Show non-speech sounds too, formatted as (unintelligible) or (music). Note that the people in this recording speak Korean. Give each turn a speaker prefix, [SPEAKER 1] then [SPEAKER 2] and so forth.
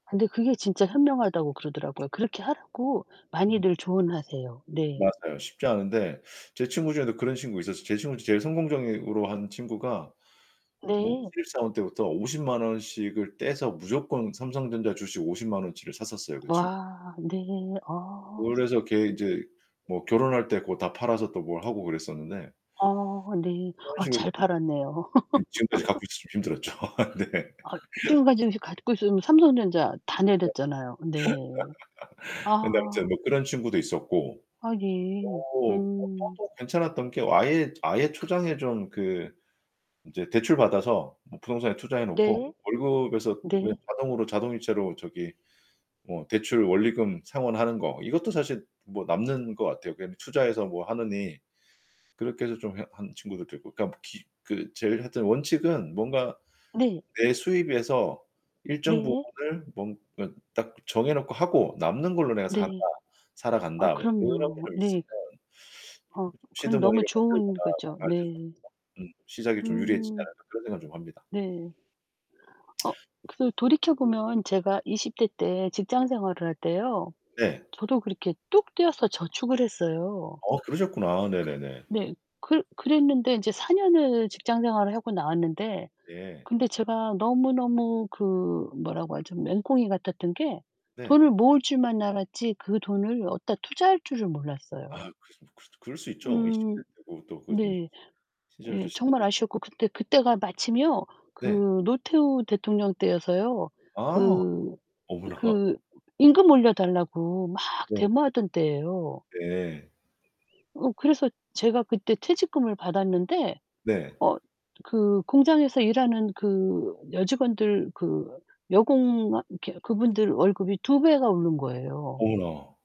[SPEAKER 1] 근데 그게 진짜 현명하다고
[SPEAKER 2] 그쵸,
[SPEAKER 1] 그러더라고요. 그렇게 하라고
[SPEAKER 2] 그쵸. (laughs)
[SPEAKER 1] 많이들 조언하세요. 네.
[SPEAKER 2] 맞아요, 쉽지 않은데. 제 친구 중에도 그런 친구가 있었어요. 제 친구 중에 제일 성공적으로 한 친구가 뭐
[SPEAKER 1] 네.
[SPEAKER 2] 신입사원 때부터 500,000 원 씩을 떼서 무조건 삼성전자 주식 500,000 원어치를 샀었어요, 그 친
[SPEAKER 1] 와. 네. 어
[SPEAKER 2] 그걸로
[SPEAKER 1] 스
[SPEAKER 2] 해서 걔 인제 뭐 결혼할 때 고걸 다 팔아서 또 뭘 하고 그랬었는데
[SPEAKER 1] 아 네.
[SPEAKER 2] 그런
[SPEAKER 1] 아
[SPEAKER 2] 식으로
[SPEAKER 1] 잘
[SPEAKER 2] 그
[SPEAKER 1] 팔았네요.
[SPEAKER 2] 음 지금까지 갖고
[SPEAKER 1] (laughs)
[SPEAKER 2] 있었으면 힘들었죠. 아 네.
[SPEAKER 1] 아
[SPEAKER 2] (laughs)
[SPEAKER 1] 지금까지 혹시 갖고 있으면 삼성전자 다 내렸잖아요. 네.
[SPEAKER 2] 그래서 (laughs) 근데 아무튼
[SPEAKER 1] 아.
[SPEAKER 2] 뭐 그런 친구도 있었고
[SPEAKER 1] 아 예.
[SPEAKER 2] 뭐 어 또,
[SPEAKER 1] 음.
[SPEAKER 2] 또 괜찮았던 게 아예 아예 초장에 좀 그 인제 대출 받아서 뭐 부동산에 투자해 놓고
[SPEAKER 1] 네.
[SPEAKER 2] 월급에서 그냥
[SPEAKER 1] 네.
[SPEAKER 2] 자동으로 자동이체로 저기 뭐 대출 원리금 상환하는 거 이것도 사실 뭐 남는 것 같아요, 그냥 투자해서 뭐 하느니. 그렇게 해서 좀 해 한 친구들도 있고. 그러니까 기 그 제일 하여튼 원칙은 뭔가
[SPEAKER 1] 네.
[SPEAKER 2] 내 수입에서 일정
[SPEAKER 1] 네.
[SPEAKER 2] 부분을 뭔가 딱 정해놓고 하고 남는 걸로 내가 산다.
[SPEAKER 1] 네. 아
[SPEAKER 2] 살아간다. 그런 게
[SPEAKER 1] 그럼요.
[SPEAKER 2] 좀 있으면
[SPEAKER 1] 네. 어
[SPEAKER 2] 시드
[SPEAKER 1] 그건 너무
[SPEAKER 2] 머니를
[SPEAKER 1] 좋은
[SPEAKER 2] 만들거나
[SPEAKER 1] 거죠.
[SPEAKER 2] (unintelligible)
[SPEAKER 1] 네.
[SPEAKER 2] 음 '시작이 좀 유리해지지
[SPEAKER 1] 음.
[SPEAKER 2] 않을까.' 그런 생각을 좀 합니다.
[SPEAKER 1] 네. 어.
[SPEAKER 2] (smacks lips)
[SPEAKER 1] 그래도 돌이켜 보면 제가 20 대 때 직장 생활을 할 때요.
[SPEAKER 2] 네.
[SPEAKER 1] 저도 그렇게 뚝 떼어서 저축을 했어요.
[SPEAKER 2] 어 그러셨구나. 네네네.
[SPEAKER 1] 네. 그 그랬는데 인제 4 년을 직장 생활을 하고 나왔는데
[SPEAKER 2] 네.
[SPEAKER 1] 근데 제가 너무너무 그 뭐라고 하죠? 맹꽁이 같았던 게
[SPEAKER 2] 네.
[SPEAKER 1] 돈을 모을 줄만 알았지 그 돈을 어디다 투자할 줄을
[SPEAKER 2] 아
[SPEAKER 1] 몰랐어요.
[SPEAKER 2] 그랬음 뭐 그럴 수 그럴 수 있죠. 20 대
[SPEAKER 1] 음
[SPEAKER 2] 때고 또 그 음
[SPEAKER 1] 네.
[SPEAKER 2] 시절도
[SPEAKER 1] 예. 정말
[SPEAKER 2] 시절이
[SPEAKER 1] 아쉬웠고 그때, 그때가 마침요
[SPEAKER 2] 네.
[SPEAKER 1] 그 노태우 대통령 때여서요.
[SPEAKER 2] 아.
[SPEAKER 1] 그
[SPEAKER 2] 어머나.
[SPEAKER 1] 그 임금 올려달라고 막
[SPEAKER 2] 네.
[SPEAKER 1] 데모하던 때예요.
[SPEAKER 2] 네.
[SPEAKER 1] 어 그래서 제가 그때 퇴직금을 받았는데
[SPEAKER 2] 네.
[SPEAKER 1] 어 그 공장에서 일하는 그 여직원들 그 여공 이렇게 그분들 월급이 2 배가 오른 거예요.
[SPEAKER 2] 어머나.